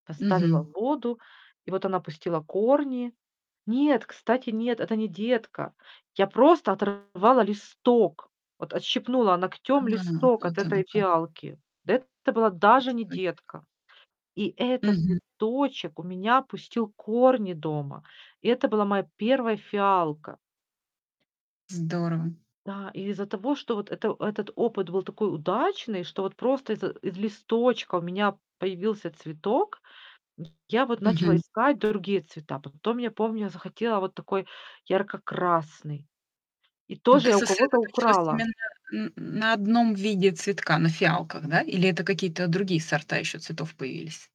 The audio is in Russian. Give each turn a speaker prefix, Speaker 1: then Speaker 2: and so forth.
Speaker 1: Поставила в
Speaker 2: Мгм.
Speaker 1: воду, и вот она пустила корни. Нет, кстати, нет, это не детка. Я просто оторвала листок, вот отщипнула ногтем
Speaker 2: А,
Speaker 1: листок от
Speaker 2: вот оно
Speaker 1: этой
Speaker 2: как.
Speaker 1: фиалки. Это была даже не
Speaker 2: Листочек.
Speaker 1: детка. И этот
Speaker 2: Мгм.
Speaker 1: листочек у меня пустил корни дома. Это была моя 1 фиалка.
Speaker 2: Здорово!
Speaker 1: Да, и из-за того, что вот это этот опыт был такой удачный, что вот просто из из листочка у меня появился цветок, я вот начала
Speaker 2: Мгм.
Speaker 1: искать другие цвета. Потом я помню, я захотела вот такой ярко-красный, и
Speaker 2: Ну
Speaker 1: тоже
Speaker 2: ты
Speaker 1: я у кого-то
Speaker 2: сосредоточилась
Speaker 1: украла.
Speaker 2: именно н на 1 виде цветка, на фиалках, да? Или это какие-то другие сорта еще цветов появились?